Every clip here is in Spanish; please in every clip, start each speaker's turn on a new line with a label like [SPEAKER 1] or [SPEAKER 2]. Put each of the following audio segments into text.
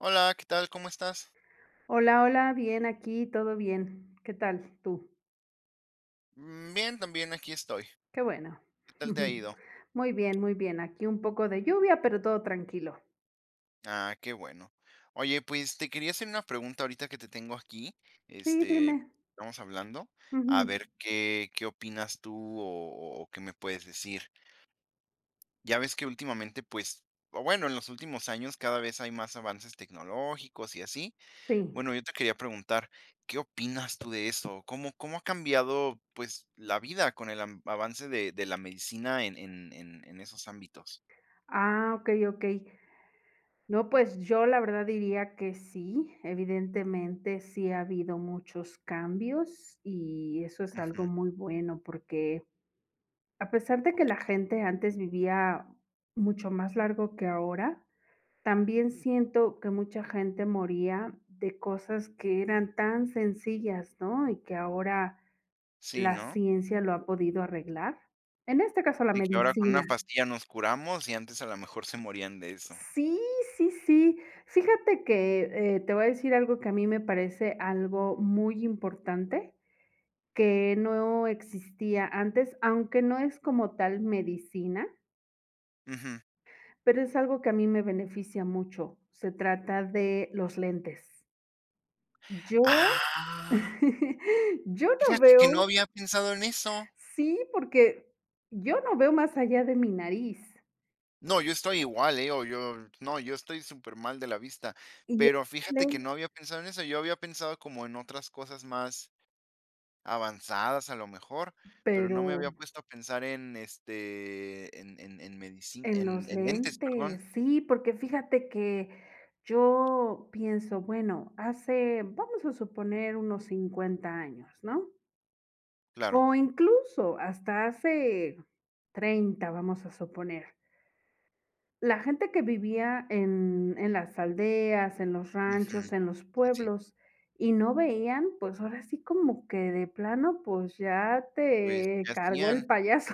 [SPEAKER 1] Hola, ¿qué tal? ¿Cómo estás?
[SPEAKER 2] Hola, hola, bien, aquí todo bien, ¿qué tal tú?
[SPEAKER 1] Bien también, aquí estoy.
[SPEAKER 2] Qué bueno,
[SPEAKER 1] ¿Qué tal te ha
[SPEAKER 2] ujú,
[SPEAKER 1] ido?
[SPEAKER 2] muy bien, muy bien, aquí un poco de lluvia, pero todo tranquilo.
[SPEAKER 1] Ah, qué bueno. Oye, pues, te quería hacer una pregunta ahorita que te tengo aquí,
[SPEAKER 2] Sí,
[SPEAKER 1] este,
[SPEAKER 2] dime.
[SPEAKER 1] estamos hablando, a
[SPEAKER 2] Ujú.
[SPEAKER 1] ver qué qué opinas tú o o qué me puedes decir. Ya ves que últimamente, pues, o bueno, en los últimos años cada vez hay más avances tecnológicos y así.
[SPEAKER 2] Sí.
[SPEAKER 1] Bueno, yo te quería preguntar, ¿qué opinas tú de eso? ¿Cómo cómo ha cambiado, pues, la vida con el an avance de de la medicina en en en en esos ámbitos?
[SPEAKER 2] Ah, okey, okey. No pues, yo la verdad diría que sí, evidentemente sí ha habido muchos cambios y eso es algo
[SPEAKER 1] Ujú.
[SPEAKER 2] muy bueno, porque, a pesar de que la
[SPEAKER 1] Okey.
[SPEAKER 2] gente antes vivía mucho más largo que ahora, también siento que mucha gente moría de cosas que eran tan sencillas, ¿no? Y que ahora
[SPEAKER 1] Sí,
[SPEAKER 2] la
[SPEAKER 1] ¿no?
[SPEAKER 2] ciencia lo ha podido arreglar. En este caso, la
[SPEAKER 1] Y que ahora con
[SPEAKER 2] medicina.
[SPEAKER 1] unas pastillas nos curamos y antes, a lo mejor, se morían de eso.
[SPEAKER 2] Sí, sí, sí. Fíjate que, eh, te voy a decir algo que a mí me parece algo muy importante, que no existía antes, aunque no es como tal medicina
[SPEAKER 1] Ujú.
[SPEAKER 2] pero es algo que a mí me beneficia mucho, se trata de los lentes. Yo,
[SPEAKER 1] Ah.
[SPEAKER 2] yo no
[SPEAKER 1] Fíjate que no
[SPEAKER 2] veo
[SPEAKER 1] había pensado en eso.
[SPEAKER 2] sí, porque yo no veo más allá de mi nariz.
[SPEAKER 1] No, yo estoy igual ,eh, o yo, no yo estoy supermal de la vista,
[SPEAKER 2] Y
[SPEAKER 1] pero fíjate que
[SPEAKER 2] [unintelligible]
[SPEAKER 1] no había pensado en eso. Yo había pensado como en otras cosas más, avanzadas, a lo mejor, pero no me
[SPEAKER 2] Pero
[SPEAKER 1] había puesto a pensar en, este, en en en medicin
[SPEAKER 2] En
[SPEAKER 1] en
[SPEAKER 2] los
[SPEAKER 1] en lentes, perdón.
[SPEAKER 2] lentes, sí, porque fíjate que yo pienso, bueno, hace vamos a suponer, unos 50 años, ¿no?
[SPEAKER 1] Claro.
[SPEAKER 2] O incluso hasta hace 30, vamos a suponer. La gente que vivía en en las aldeas, en los
[SPEAKER 1] Ujú,
[SPEAKER 2] ranchos, en los
[SPEAKER 1] sí, sí.
[SPEAKER 2] pueblos, y no veían, pues, ahora sí como que de plano, pues, ya
[SPEAKER 1] Pues,
[SPEAKER 2] te
[SPEAKER 1] ¿qué
[SPEAKER 2] cargó el
[SPEAKER 1] hacían?
[SPEAKER 2] payaso.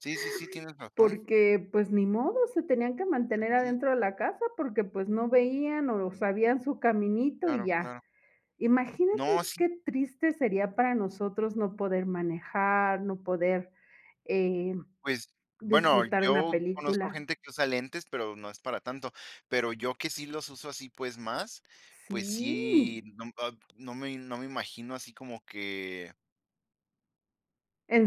[SPEAKER 1] Sí, sí, sí, tienes razón.
[SPEAKER 2] Porque pues, ni modo se tenían que mantener
[SPEAKER 1] Ujú.
[SPEAKER 2] adentro de la casa, porque pues no veían o sabían su caminito y
[SPEAKER 1] Claro,
[SPEAKER 2] ya.
[SPEAKER 1] claro.
[SPEAKER 2] Imagínate
[SPEAKER 1] No, sí.
[SPEAKER 2] que triste sería para nosotros no poder manejar, no poder, eh,
[SPEAKER 1] Pues, bueno,
[SPEAKER 2] disfrutar una
[SPEAKER 1] yo conozco
[SPEAKER 2] película.
[SPEAKER 1] gente que usa lentes, pero no es para tanto, pero yo que sí los uso así, pues, más, pues
[SPEAKER 2] Sí.
[SPEAKER 1] sí, no ab no me no me imagino así como que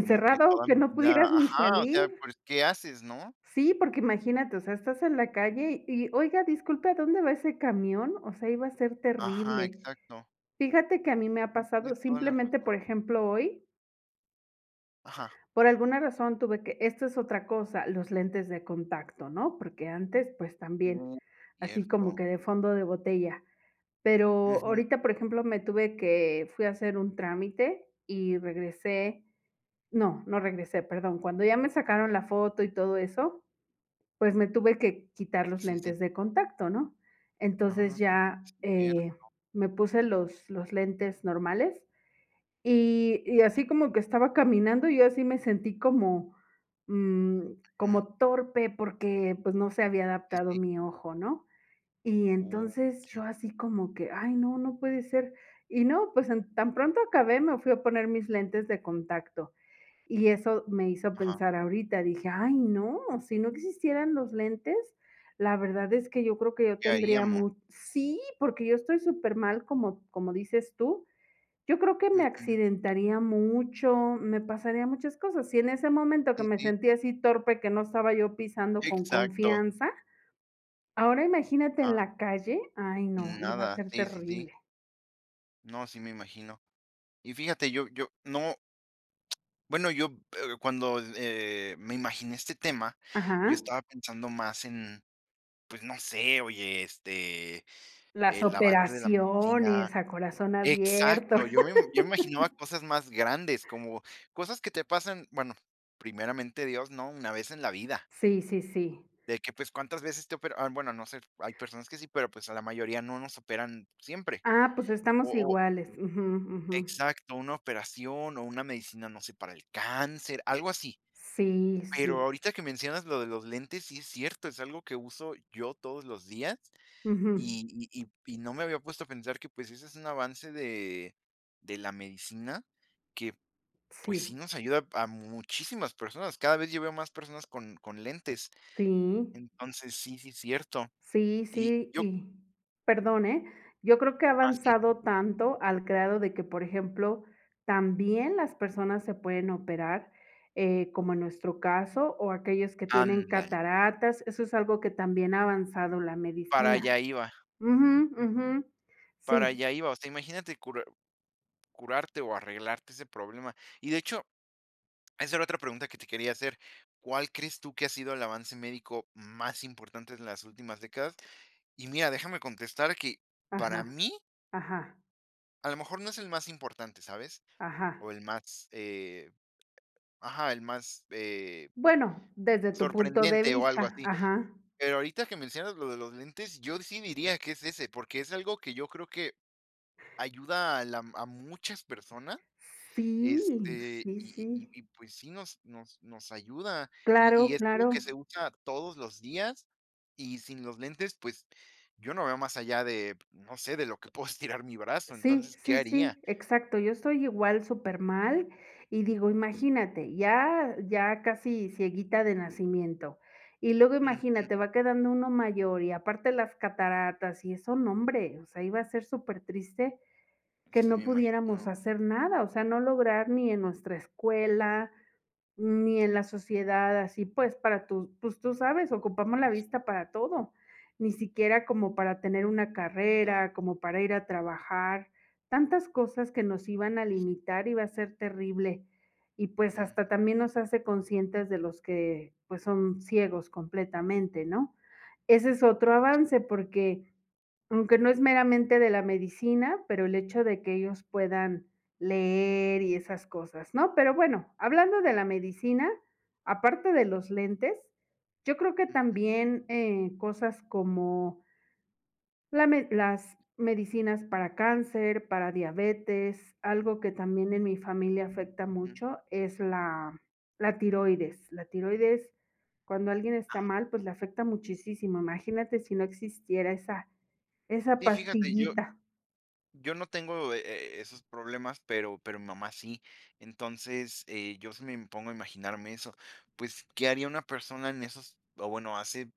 [SPEAKER 1] como que toda
[SPEAKER 2] que
[SPEAKER 1] mi
[SPEAKER 2] no
[SPEAKER 1] vida
[SPEAKER 2] pudieras ni
[SPEAKER 1] ajá, o
[SPEAKER 2] salir.
[SPEAKER 1] sea, pues, ¿qué haces? ¿No?
[SPEAKER 2] Sí, porque imagínate, o sea, estás en la calle y, "oiga, disculpe, ¿a dónde va ese camión?" O sea, iba a ser
[SPEAKER 1] Ajá,
[SPEAKER 2] terrible.
[SPEAKER 1] exacto.
[SPEAKER 2] Fíjate que a mí me ha
[SPEAKER 1] Sí
[SPEAKER 2] pasado,
[SPEAKER 1] tienes toda la
[SPEAKER 2] simplemente,
[SPEAKER 1] razón.
[SPEAKER 2] por ejemplo, hoy
[SPEAKER 1] Ajá.
[SPEAKER 2] por alguna razón tuve que esto es otra cosa, los lentes de contacto, ¿no? Porque antes, pues, también,
[SPEAKER 1] Uh,
[SPEAKER 2] así como
[SPEAKER 1] cierto.
[SPEAKER 2] que de fondo de botella. Pero
[SPEAKER 1] Ujú.
[SPEAKER 2] ahorita, por ejemplo, me tuve que fui a hacer un trámite y regresé no no regresé, perdón. Cuando ya me sacaron la foto y todo eso, pues, me tuve que quitar los
[SPEAKER 1] Sí, sí.
[SPEAKER 2] lentes de contacto, ¿no? Entonces
[SPEAKER 1] Ah,
[SPEAKER 2] ya, eh,
[SPEAKER 1] cierto.
[SPEAKER 2] me puse los los lentes normales y y así como que estaba caminando, yo así me sentí como, mm,
[SPEAKER 1] Ujú.
[SPEAKER 2] como torpe porque, pues, no se había
[SPEAKER 1] Sí,
[SPEAKER 2] adaptado
[SPEAKER 1] sí.
[SPEAKER 2] mi ojo, ¿no? Y
[SPEAKER 1] Uh,
[SPEAKER 2] entonces, yo
[SPEAKER 1] ya.
[SPEAKER 2] así como que, "ay no, no puede ser." Y no pues an tan pronto acabé me fui a poner mis lentes de contacto y eso me hizo
[SPEAKER 1] Ajá.
[SPEAKER 2] pensar ahorita, dije: "Ay no, si no existieran los lentes, la verdad es que yo creo que ya
[SPEAKER 1] ¿Qué
[SPEAKER 2] tendría
[SPEAKER 1] haríamos?
[SPEAKER 2] mu" sí porque yo estoy supermal como como dices tú, yo creo que me
[SPEAKER 1] Ujú.
[SPEAKER 2] accidentaría mucho, me pasaría muchas cosas. Si en ese momento que
[SPEAKER 1] Sí,
[SPEAKER 2] me
[SPEAKER 1] sí.
[SPEAKER 2] sentía así torpe, que no estaba yo pisando con
[SPEAKER 1] Exacto.
[SPEAKER 2] confianza, ahora imagínate en
[SPEAKER 1] Ah.
[SPEAKER 2] la calle, ay no, iba a
[SPEAKER 1] Nada,
[SPEAKER 2] ser
[SPEAKER 1] sí, sí, sí.
[SPEAKER 2] terrible.
[SPEAKER 1] No, sí me imagino. Y fíjate, yo yo, no, bueno, yo, eh, cuando, eh, me imaginé este tema, yo
[SPEAKER 2] Ajá.
[SPEAKER 1] estaba pensando más en, pues, no sé, oye, este,
[SPEAKER 2] Las
[SPEAKER 1] el amante de la medicina
[SPEAKER 2] operaciones a corazón abierto.
[SPEAKER 1] exacto, yo me yo me imaginaba cosas más grandes, como cosas que te pasan, bueno, primeramente Dios, ¿no?, una vez en la vida.
[SPEAKER 2] Sí, sí, sí.
[SPEAKER 1] De que, pues, cuántas veces te operan, am, bueno, no sé, hay personas que sí, pero, pues, a la mayoría, no nos operan siempre,
[SPEAKER 2] Ah, pues
[SPEAKER 1] o
[SPEAKER 2] estamos
[SPEAKER 1] o
[SPEAKER 2] iguales. Ujú, ujú.
[SPEAKER 1] Exacto, una operación o una medicina, no sé, para el cáncer, algo así.
[SPEAKER 2] Sí,
[SPEAKER 1] Pero
[SPEAKER 2] sí.
[SPEAKER 1] ahorita que mencionas lo de los lentes, sí es cierto, es algo que uso yo todos los días,
[SPEAKER 2] Ujú.
[SPEAKER 1] y y y y no me había puesto a pensar que, pues, ese es un avance de de la medicina que, pues,
[SPEAKER 2] Sí.
[SPEAKER 1] sí nos ayuda a muchísimas personas, cada vez ya veo más personas con con lentes.
[SPEAKER 2] Sí.
[SPEAKER 1] Entonces, sí, sí es cierto.
[SPEAKER 2] Sí,
[SPEAKER 1] Y
[SPEAKER 2] sí
[SPEAKER 1] yo
[SPEAKER 2] y perdón, eh, yo creo que ha
[SPEAKER 1] Ah, sí.
[SPEAKER 2] avanzado tanto al grado de que, por ejemplo, también las personas se pueden operar, eh, como en nuestro caso, o aquellos que tienen
[SPEAKER 1] Ándale.
[SPEAKER 2] cataratas, eso es algo que también ha avanzado la
[SPEAKER 1] Para
[SPEAKER 2] medicina.
[SPEAKER 1] allá, iba.
[SPEAKER 2] Ujú, ujú,
[SPEAKER 1] Para
[SPEAKER 2] sí.
[SPEAKER 1] allá iba, o sea, imagínate curar curarte o arreglarte ese problema. Y, de hecho, esa era otra pregunta que te quería hacer, ¿cuál crees tú que ha sido el avance médico más importante en las últimas décadas? Y mira, déjame contestar que, para
[SPEAKER 2] Ajá,
[SPEAKER 1] mí
[SPEAKER 2] ajá.
[SPEAKER 1] a lo mejor no es el más importante, ¿sabes?, o
[SPEAKER 2] Ajá.
[SPEAKER 1] el más, eh, ajá, el más, eh
[SPEAKER 2] Bueno, desde tu punto de
[SPEAKER 1] sorprendente o algo
[SPEAKER 2] vista,
[SPEAKER 1] así.
[SPEAKER 2] ajá.
[SPEAKER 1] Pero ahorita que mencionas lo de los lentes, yo sí diría que es ese, porque es algo que yo creo que ayuda a la m a muchas personas,
[SPEAKER 2] Sí,
[SPEAKER 1] este,
[SPEAKER 2] sí,
[SPEAKER 1] y y y
[SPEAKER 2] sí.
[SPEAKER 1] y, pues, sí nos nos nos ayuda, y y
[SPEAKER 2] Claro,
[SPEAKER 1] es algo que
[SPEAKER 2] claro.
[SPEAKER 1] se usa todos los días, y sin los lentes, pues, yo no veo más allá de, no sé, de lo que puedo estirar mi brazo.
[SPEAKER 2] Sí,
[SPEAKER 1] Entonces, ¿qué
[SPEAKER 2] sí,
[SPEAKER 1] haría?
[SPEAKER 2] sí, exacto yo estoy igual, supermal, y digo, imagínate, ya ya casi cieguita de nacimiento, y luego,
[SPEAKER 1] Ujú.
[SPEAKER 2] imagínate, va quedando uno mayor, y aparte las cataratas, y eso, nombre, o sea, iba a ser supertriste que
[SPEAKER 1] Sí,
[SPEAKER 2] no
[SPEAKER 1] me
[SPEAKER 2] pudiéramos
[SPEAKER 1] imagino.
[SPEAKER 2] hacer nada, o sea no lograr ni en nuestra escuela, ni en la sociedad así, pues, para tú, pues, tú sabes ocupamos la vista para todo. Ni siquiera como para tener una
[SPEAKER 1] Todo.
[SPEAKER 2] carrera, como para ir a trabajar, tantas cosas que nos iban a
[SPEAKER 1] Y sí.
[SPEAKER 2] limitar, iba a ser terrible. Y pues, hasta
[SPEAKER 1] Ujú.
[SPEAKER 2] también nos hace conscientes de los que, pues, son ciegos completamente, ¿no? Ese es otro avance porque, aunque no es meramente de la medicina, pero el hecho de que ellos puedan leer y esas cosas, ¿no?, pero bueno, hablando de la medicina, aparte de los lentes, yo creo que
[SPEAKER 1] Ujú.
[SPEAKER 2] también, eh, cosas como la med las medicinas para cáncer, para diabetes, algo que también en mi familia afecta
[SPEAKER 1] Ujú.
[SPEAKER 2] mucho es la la tiroides la tiroides, cuando alguien está
[SPEAKER 1] Ah.
[SPEAKER 2] mal, pues, le afecta muchisísimo, imagínate si no existiera esa esa
[SPEAKER 1] Sí, fíjate, yo
[SPEAKER 2] pastillita.
[SPEAKER 1] yo no tengo e e esos problemas, pero pero mi mamá sí. Entonces, eh, yo si me impongo a imaginarme eso, pues, ¿qué haría una persona en esos, o bueno, hace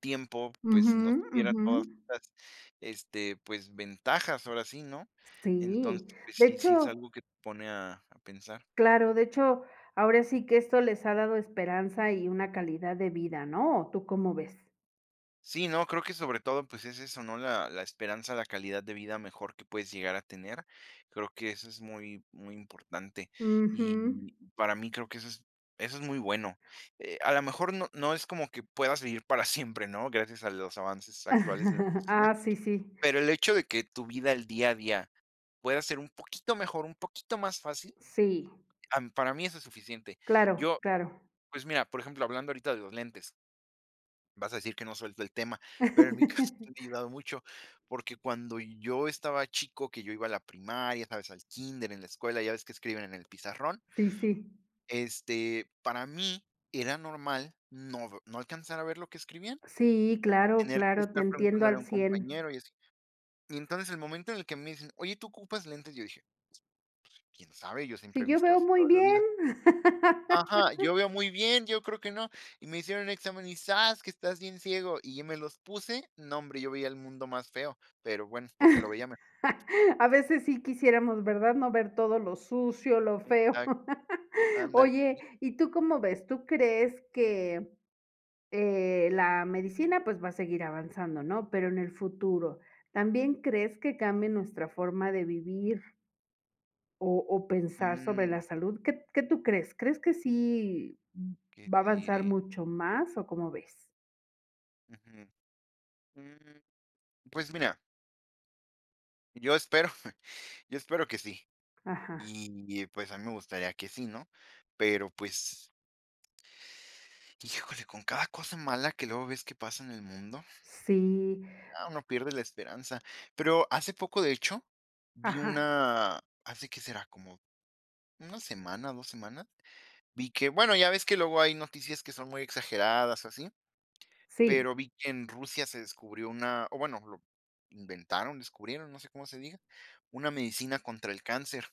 [SPEAKER 1] tiempo, pues,
[SPEAKER 2] Ujú,
[SPEAKER 1] si no tuviera
[SPEAKER 2] ujú.
[SPEAKER 1] todas estas, este, pues, ventajas? Ahora sí, ¿no?, entonces,
[SPEAKER 2] Sí,
[SPEAKER 1] pues,
[SPEAKER 2] de
[SPEAKER 1] sí, sí es
[SPEAKER 2] hecho
[SPEAKER 1] algo que te pone a a pensar.
[SPEAKER 2] Claro, de hecho, ahora sí que esto les ha dado esperanza y una calidad de vida, ¿no? ¿O tú cómo ves?
[SPEAKER 1] Sí, no, creo que sobre todo, pues, es eso ¿no?, la la esperanza, la calidad de vida mejor que puedes llegar a tener. Creo que eso es muy muy importante,
[SPEAKER 2] Ujú.
[SPEAKER 1] y para mí creo que es eso es muy bueno. Eh, a lo mejor no no es como que pueda seguir para siempre, ¿no?, gracias a los avances actuales de la cocina,
[SPEAKER 2] Ah, sí sí.
[SPEAKER 1] pero el hecho de que tu vida el día a día pueda ser un poquito mejor, un poquito más fácil,
[SPEAKER 2] Sí.
[SPEAKER 1] am, para mí eso es suficiente.
[SPEAKER 2] Claro,
[SPEAKER 1] Yo
[SPEAKER 2] claro.
[SPEAKER 1] pues mira, por ejemplo, hablando ahorita de los lentes vas a decir que no suelto el tema, pero en mi caso me ha ayudado mucho, porque cuando yo estaba chico, que yo iba a la primaria, ¿sabes?, al kínder, en la escuela, ¿ya ves que escriben en el pizarrón?
[SPEAKER 2] Sí, sí.
[SPEAKER 1] Este, para mí era normal no v no alcanzar a ver lo que escribían,
[SPEAKER 2] Sí, claro,
[SPEAKER 1] tener que
[SPEAKER 2] claro, te
[SPEAKER 1] estar
[SPEAKER 2] entiendo
[SPEAKER 1] preguntándole a
[SPEAKER 2] al
[SPEAKER 1] un
[SPEAKER 2] 100.
[SPEAKER 1] compañero y así. Y entonces, el momento en el que me dicen: Oye, tú ocupas lentes", yo dije: "Pues, quién sabe, yo
[SPEAKER 2] "Si
[SPEAKER 1] siempre he
[SPEAKER 2] yo
[SPEAKER 1] visto
[SPEAKER 2] veo
[SPEAKER 1] así
[SPEAKER 2] muy
[SPEAKER 1] todo en la
[SPEAKER 2] bien".
[SPEAKER 1] vida". Ajá, "Yo veo muy bien, yo creo que no". Y me hicieron examen y zas, que estás bien ciego. Y me los puse, no, hombre, yo veía el mundo más feo, pero, bueno, porque lo veía ma
[SPEAKER 2] A veces sí quisiéramos, ¿verdad?, no ver todo lo sucio, lo feo.
[SPEAKER 1] Exacto. Ándale.
[SPEAKER 2] Oye,
[SPEAKER 1] Mm.
[SPEAKER 2] ¿y tú cómo ves? ¿Tú crees que, eh la medicina, pues, va a seguir avanzando, ¿no? Pero en el futuro, ¿también crees que cambie nuestra forma de vivir o o pensar sobre
[SPEAKER 1] Mm.
[SPEAKER 2] la salud? ¿Qué qué tú crees? ¿Crees que sí
[SPEAKER 1] ¿Qué
[SPEAKER 2] va a
[SPEAKER 1] te
[SPEAKER 2] avanzar
[SPEAKER 1] diré?
[SPEAKER 2] mucho más, o cómo ves?
[SPEAKER 1] Ujú. Mm. Pues mira Yo espero yo espero que sí.
[SPEAKER 2] Ajá.
[SPEAKER 1] Y y pues, a mí me gustaría que sí, ¿no?, pero, pues Híjole, con cada cosa mala que luego ves que pasa en el mundo
[SPEAKER 2] Sí.
[SPEAKER 1] ya uno pierde la esperanza. Pero hace poco, de hecho, vi
[SPEAKER 2] Ajá.
[SPEAKER 1] una ¿hace qué será?, como una semana, 2 semanas, vi que bueno, ya ves que luego hay noticias que son muy exageradas o así,
[SPEAKER 2] Sí.
[SPEAKER 1] pero vi que en Rusia se descubrió una o bueno, lo inventaron, descubrieron, no sé cómo se diga, una medicina contra el cáncer.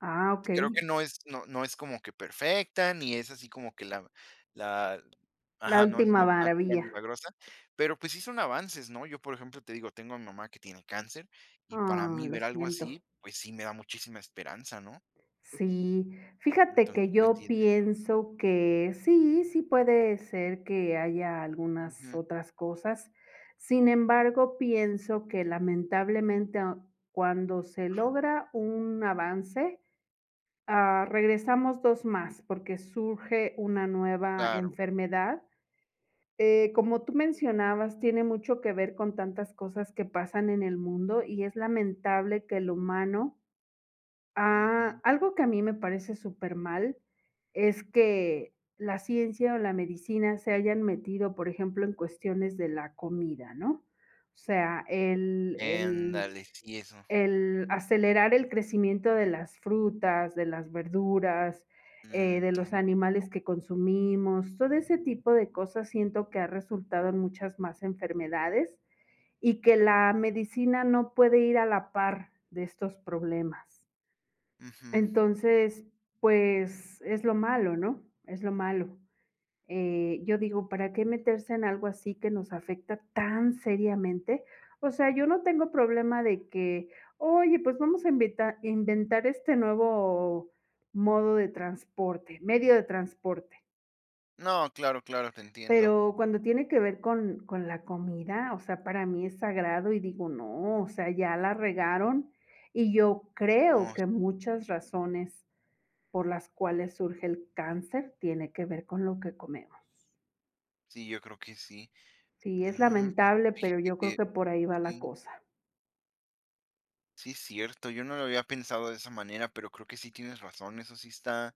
[SPEAKER 2] Ah,
[SPEAKER 1] Creo que
[SPEAKER 2] okey.
[SPEAKER 1] no es no no es como que, perfecta, ni es así como que la la
[SPEAKER 2] La
[SPEAKER 1] Ajá, no es no
[SPEAKER 2] última
[SPEAKER 1] es la virgen
[SPEAKER 2] maravilla.
[SPEAKER 1] milagrosa, pero, pues, sí son avances, ¿no?, yo, por ejemplo, te digo, tengo a mi mamá que tiene cáncer y para
[SPEAKER 2] Ah,
[SPEAKER 1] mí
[SPEAKER 2] lo
[SPEAKER 1] ver algo
[SPEAKER 2] siento.
[SPEAKER 1] así, pues, sí me da muchísima esperanza, ¿no?
[SPEAKER 2] Sí, fíjate
[SPEAKER 1] Entonces,
[SPEAKER 2] que,
[SPEAKER 1] pues,
[SPEAKER 2] yo
[SPEAKER 1] si es eso.
[SPEAKER 2] pienso que sí, sí puede ser que haya algunas
[SPEAKER 1] Ujú.
[SPEAKER 2] otras cosas, sin embargo, pienso que lamentablemente, a cuando se
[SPEAKER 1] Ajá.
[SPEAKER 2] logra un avance, ah, regresamos 2 más, porque surge una nueva
[SPEAKER 1] Claro.
[SPEAKER 2] enfermedad, eh, como tú mencionabas, tiene mucho que ver con tantas cosas que pasan en el mundo, y es lamentable que el humano, ha
[SPEAKER 1] Ujú.
[SPEAKER 2] algo que a mí me parece súper mal, es que la ciencia o la medicina se hayan metido, por ejemplo, en cuestiones de la comida, ¿no?, o sea, el el
[SPEAKER 1] Ándale, sí, eso.
[SPEAKER 2] el acelerar el crecimiento de las frutas, de las verduras, eh, de los
[SPEAKER 1] Ujú.
[SPEAKER 2] animales que consumimos, todo ese tipo de cosas, siento que ha resultado en muchas más enfermedades, y que la medicina no puede ir a la par de estos problemas.
[SPEAKER 1] Ujú.
[SPEAKER 2] Entonces, pues, es lo malo ¿no? es lo malo, eh, yo digo: "¿Para qué meterse en algo así que nos afecta tan seriamente?", o sea, yo no tengo problema de que: "Oye, pues vamos a invitar inventar este nuevo modo de transporte, medio de transporte".
[SPEAKER 1] No, claro, claro, te entiendo.
[SPEAKER 2] Pero, cuando tiene que ver con con la comida, o sea, para mí es sagrado y digo, no, o sea, ya la regaron y yo creo
[SPEAKER 1] Oh.
[SPEAKER 2] que muchas razones por las cuales surge el cáncer tiene que ver con lo que comemos.
[SPEAKER 1] Sí, yo creo que sí.
[SPEAKER 2] Sí, es
[SPEAKER 1] Mm, pues,
[SPEAKER 2] lamentable, pero
[SPEAKER 1] fíjate
[SPEAKER 2] yo creo
[SPEAKER 1] que
[SPEAKER 2] que por ahí va la
[SPEAKER 1] sí.
[SPEAKER 2] cosa.
[SPEAKER 1] Sí, cierto, yo no lo había pensado de esa manera, pero creo que sí tienes razón, eso sí está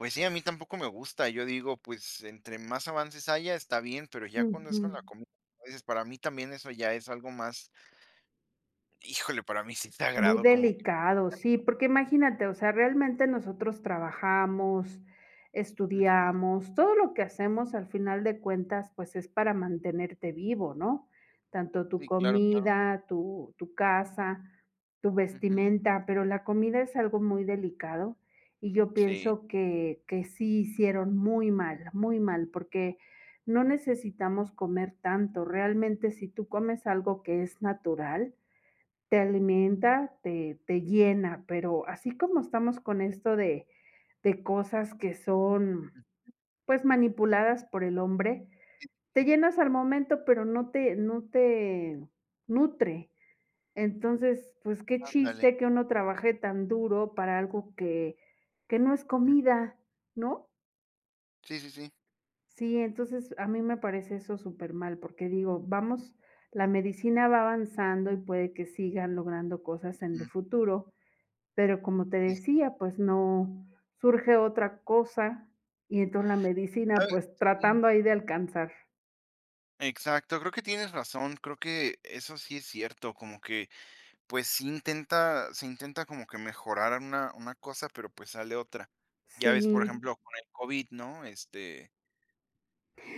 [SPEAKER 1] pues sí, a mí tampoco me gusta, yo digo, pues, entre más avances haya, está bien, pero ya cuando es con
[SPEAKER 2] Ujú.
[SPEAKER 1] la comida, dices: "Para mí también eso ya es algo más" Híjole, para mí sí es
[SPEAKER 2] Muy
[SPEAKER 1] sagrado como que
[SPEAKER 2] delicado,
[SPEAKER 1] ya
[SPEAKER 2] sí,
[SPEAKER 1] no.
[SPEAKER 2] porque imagínate, o sea, realmente nosotros trabajamos,
[SPEAKER 1] Ujú.
[SPEAKER 2] estudiamos, todo lo que hacemos al final de cuentas, pues, es para mantenerte vivo, ¿no?, tanto tu
[SPEAKER 1] Sí, claro, claro.
[SPEAKER 2] comida, tu tu casa, tu
[SPEAKER 1] Ujú.
[SPEAKER 2] vestimenta, pero la comida es algo muy delicado, y yo
[SPEAKER 1] Sí.
[SPEAKER 2] pienso que que sí hicieron muy mal, muy mal, porque no necesitamos comer tanto. Realmente, si tú comes algo que es natural, te alimenta, te te llena, pero así como estamos con esto de de cosas que son,
[SPEAKER 1] Ujú.
[SPEAKER 2] pues, manipuladas por el hombre, te
[SPEAKER 1] Ujú.
[SPEAKER 2] llenas al momento, pero no te no te nutre. Entonces, pues, qué
[SPEAKER 1] Ándale.
[SPEAKER 2] chiste que uno trabaje tan duro para algo que que no es
[SPEAKER 1] Ujú.
[SPEAKER 2] comida, ¿no?
[SPEAKER 1] Sí, sí, sí.
[SPEAKER 2] Sí, entonces, a mí me parece eso supermal, porque digo, vamos la medicina va avanzando, y puede que sigan logrando cosas en el
[SPEAKER 1] Ujú.
[SPEAKER 2] futuro, pero, como te
[SPEAKER 1] Sí, sí.
[SPEAKER 2] decía, pues no, surge otra cosa, y entonces la medicina,
[SPEAKER 1] A ver,
[SPEAKER 2] pues,
[SPEAKER 1] mm.
[SPEAKER 2] tratando ahí de alcanzar.
[SPEAKER 1] Exacto, creo que tienes razón, creo que eso sí es cierto, como que, pues, sí intenta, se intenta como que mejorar una una cosa, pero, pues, sale otra. Ya ves, por
[SPEAKER 2] Sí.
[SPEAKER 1] ejemplo, con el COVID, ¿no?, este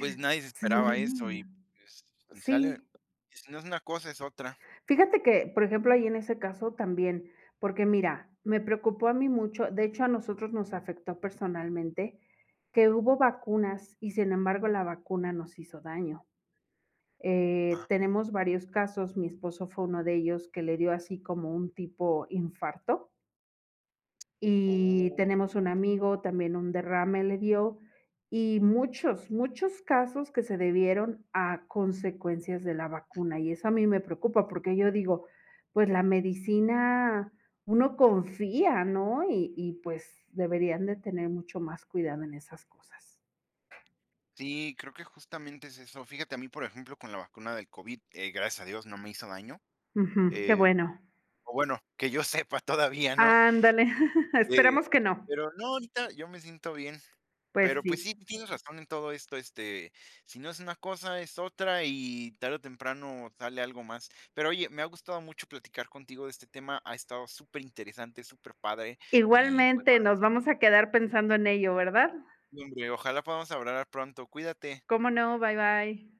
[SPEAKER 1] pues, nadie se
[SPEAKER 2] Sí,
[SPEAKER 1] esperaba eso. Y, pues, si sale,
[SPEAKER 2] sí.
[SPEAKER 1] y si no es una cosa, es otra.
[SPEAKER 2] Fíjate que, por ejemplo, ahí en ese caso también, porque mira, me preocupó a mí mucho, de hecho, a nosotros nos afectó personalmente que hubo vacunas, y sin embargo la vacuna nos hizo daño. Eh,
[SPEAKER 1] Ah.
[SPEAKER 2] tenemos varios casos, mi esposo fue uno de ellos que le dio así como un tipo infarto. Y
[SPEAKER 1] Oh.
[SPEAKER 2] tenemos un amigo, también un derrame le dio, y muchos, muchos casos que se debieron a consecuencias de la vacuna.
[SPEAKER 1] Ujú.
[SPEAKER 2] Y eso a mí me preocupa, porque yo digo: "Pues, la medicina uno confía, ¿no?", y y pues, deberían de tener mucho más cuidado en esas cosas.
[SPEAKER 1] Sí, creo que justamente es eso. Fíjate, a mí, por ejemplo, con la vacuna del COVID, eh, gracias a Dios no me hizo daño,
[SPEAKER 2] Ujú, qué
[SPEAKER 1] eh,
[SPEAKER 2] bueno.
[SPEAKER 1] pero bueno, que yo sepa todavía, ¿no?
[SPEAKER 2] Ándale,
[SPEAKER 1] Eh,
[SPEAKER 2] esperamos que no.
[SPEAKER 1] pero no, ahorita yo me siento bien.
[SPEAKER 2] Pues,
[SPEAKER 1] Pero, pues
[SPEAKER 2] sí.
[SPEAKER 1] sí, tienes razón en todo esto, este, si no es una cosa, es otra, y tarde o temprano sale algo más. Pero oye, me ha gustado mucho platicar contigo de este tema, ha estado superinteresante, superpadre, y, pues,
[SPEAKER 2] Igualmente,
[SPEAKER 1] vale.
[SPEAKER 2] nos vamos a quedar pensando en ello, ¿verdad?
[SPEAKER 1] Hombre, ojalá podamos hablar pronto. Cuídate.
[SPEAKER 2] Cómo no, bye bye.